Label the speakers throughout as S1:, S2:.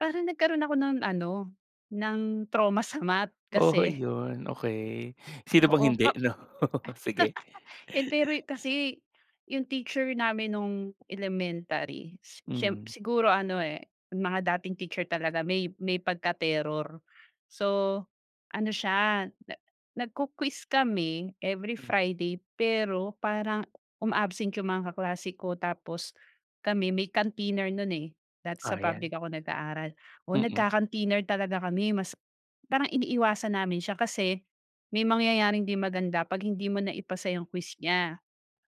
S1: Parang nagkaroon ako ng ano, ng trauma sa math
S2: Oo,
S1: kasi
S2: yun okay. Sino bang
S1: Oo
S2: hindi
S1: pa
S2: 'no sige.
S1: Yun pero'y kasi, yung teacher namin nung elementary si siyemp
S2: Mm.
S1: siguro ano, eh, mga dating teacher talaga may may pagka-terror. So, ano siya na nag-ku-quiz kami every
S2: Mm.
S1: friday, pero parang uma-absent 'yong mga kaklase ko tapos kami may canteener no'n, eh, dati
S2: O
S1: sa
S2: ayan.
S1: public ako nag-aaral. Oo,
S2: Mm.
S1: nagca-canteener talaga kami mas parang iniiwasan namin siya kasi may mangyayaring hindi maganda pag hindi mo naipasa 'yong quiz niya.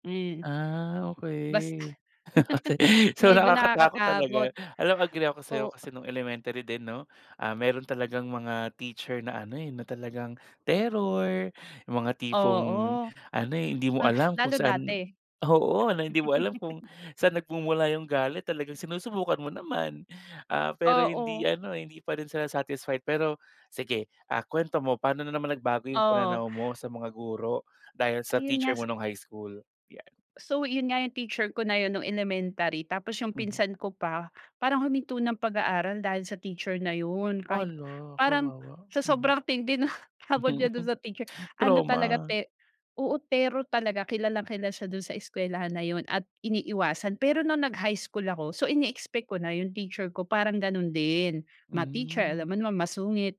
S1: Ayun.
S2: Ah,
S1: Basta.
S2: okey. So,
S1: Medyo
S2: nakakatakot talaga.
S1: nakakatakot,
S2: Alam mo, agree ako sa'yo
S1: o
S2: kasi nung elementary din 'no, ah, meron talagang mga teacher na ano, eh, na talagang terror, mga tipong
S1: Oo.
S2: ano, eh, hindi mo alam kung
S1: Lalo
S2: saan
S1: dati
S2: oo, na hindi mo alam kung saan nagmumula yung galit, talagang sinusubukan mo naman. Ah, pero hindi
S1: Oo.
S2: ano, hindi pa rin sila satisfied. Pero sige, ah, kuwento mo paano na naman nagbago yung
S1: Oo.
S2: pananaw mo sa mga guro dahil sa
S1: Ayun
S2: teacher
S1: nga sa
S2: mo nung high school, yan.
S1: So, yun nga yung teacher ko na yun nung elementary, tapos yung
S2: Mhm.
S1: pinsan ko pa, parang huminto ng pag-aaral dahil sa teacher na yun. Kahit,
S2: Hala,
S1: parang
S2: kawawa.
S1: sa
S2: Mhm.
S1: sobrang tindi ng takot niya dun sa teacher, ano talaga
S2: Trauma.
S1: te oo, terror talaga kilalang-kilala siya dun sa eskwelahan na yun at iniiwasan. Pero nung nag high school ako. So, ini-expect ko na yung teacher ko parang ganun din. Math teacher,
S2: Hmm.
S1: alam mo naman masungit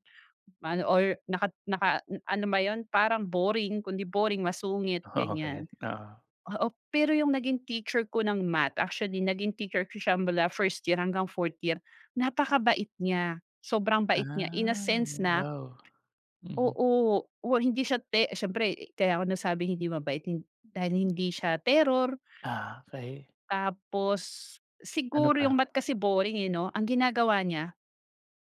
S1: maano or naka naka ano ba yun, parang boring, kung di boring, masungit,
S2: Oo, ket.
S1: gan'yan.
S2: Oo.
S1: Oo, pero yung naging teacher ko ng math, actually naging teacher ko siya mula first year hanggang fourth year, napakabait niya, sobrang bait niya in a
S2: Ay
S1: sense na
S2: wow. Mhm.
S1: Oo, o hindi siya te siyempre kaya ako nasabing hindi mabait, hin dahil hindi siya terror.
S2: Ah, okey.
S1: Tapos
S2: Ano
S1: siguro yung
S2: pa?
S1: math kasi boring, eh, 'no. Ang ginagawa niya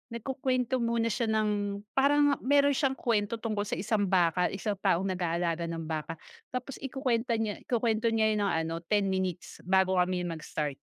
S1: nagkukuwento muna siya ng, parang meron siyang kuwento tungkol sa isang baka, isang taong nag-aalaga ng baka, tapos ikukuwenta niya ikukuwento niya ng ano, 10 minutes bago kami mag-start.